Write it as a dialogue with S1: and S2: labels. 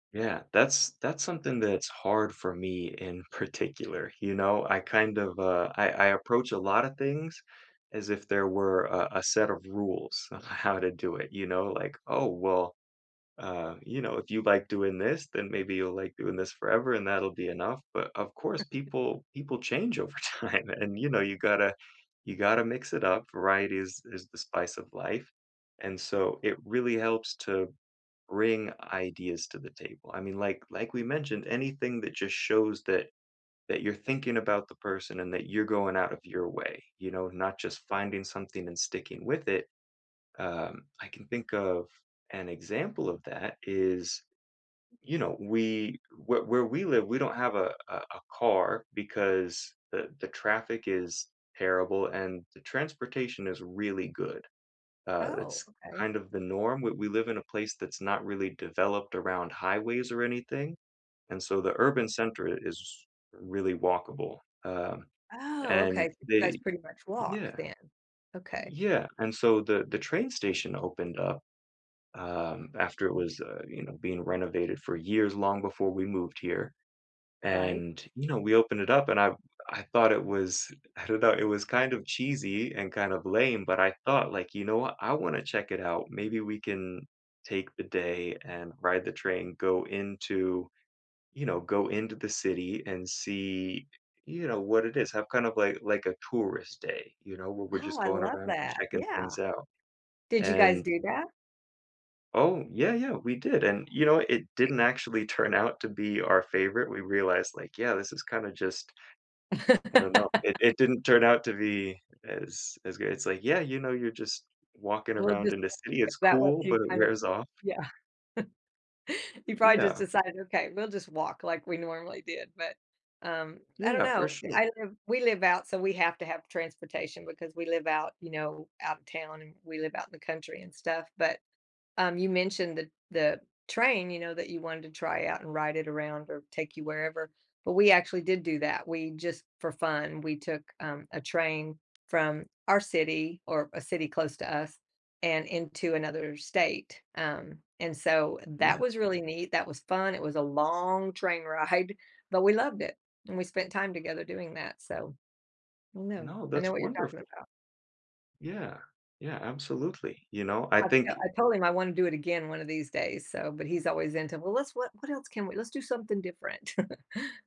S1: Yeah, that's that's something that's hard for me in particular, you know? I kind of, uh I I approach a lotta things as if there were, uh, a set of rules of how to do it, you know? Like, "Oh, well, uh, you know, if you like doing this, then maybe you'll like doing this forever, and that'll be enough," but of course,
S2: [unintelligible]
S1: people people change over time, and, you know, you gotta you gotta mix it up, variety is is the spice of life, and so it really helps to bring ideas to the table, I mean, like like we mentioned, anything that just shows that that you're thinking about the person and that you're going out of your way, you know, not just finding something and sticking with it, uh, I can think of an example of that is, you know, we where where we live we don't have a a a car because the the traffic is terrible and the transportation is really good, uh,
S2: Oh,
S1: it's
S2: okay.
S1: kind of the norm, we we live in a place that's not really developed around highways or anything, and so the urban center i is really walkable, uh,
S2: Oh,
S1: and
S2: okay, 'cause you guys
S1: they
S2: pretty much walk
S1: Yeah,
S2: then. Okay.
S1: yeah and so the the train station opened up, uh, after it was, uh, you know, being renovated for years long before we moved here,
S2: Right.
S1: and, you know, we opened it up and I I thought it was I don't know, it was kind of cheesy and kind of lame, but I thought, like, "You know what? I wanna check it out, maybe we can take the day and ride the train, go into, you know go into the city and see, you know, what it is." Have kind of like like a tourist day, you know, where we're
S2: Oh,
S1: just
S2: I
S1: going
S2: love
S1: around and
S2: that,
S1: checking
S2: yeah.
S1: things out,
S2: Did you guys
S1: and
S2: do that?
S1: Oh, yeah, yeah, we did, and you know, it didn't actually turn out to be our favorite, we realized, like, "Yeah, this is kinda just" I don't know, i it didn't turn out to be as as good, it's like, "Yeah, you know, you're just walking
S2: We'll
S1: around
S2: just
S1: in the city,
S2: [unintelligible]
S1: it's
S2: that was
S1: cool."
S2: you
S1: But it
S2: kind of
S1: wears off.
S2: Yeah. You
S1: Eh,
S2: probably just
S1: yeah.
S2: decided, "Okay, we'll just walk like we normally did." But, um, I don't
S1: Yeah, for
S2: know,
S1: sure.
S2: I live we live out so we have to have transportation because we live out, you know, out of town, and we live out in the country and stuff, but, um, you mentioned the the train, you know, that you wanted to try out and ride it around or take you wherever, but we actually did do that, we just for fun, we took, um, a train from our city, or a city close to us, and into another state, um, and so
S1: Yeah.
S2: that was really neat, that was fun, it was a long train ride, but we loved it, and we spent time together doing that, so I know
S1: No,
S2: I know
S1: that's
S2: what you're
S1: wonderf
S2: talking about.
S1: Yeah. Yeah, absolutely, you know? I
S2: I to
S1: think
S2: I told him I wanna do it again one of these days, so but he's always into, "Well, let's what what else can we let's do something different."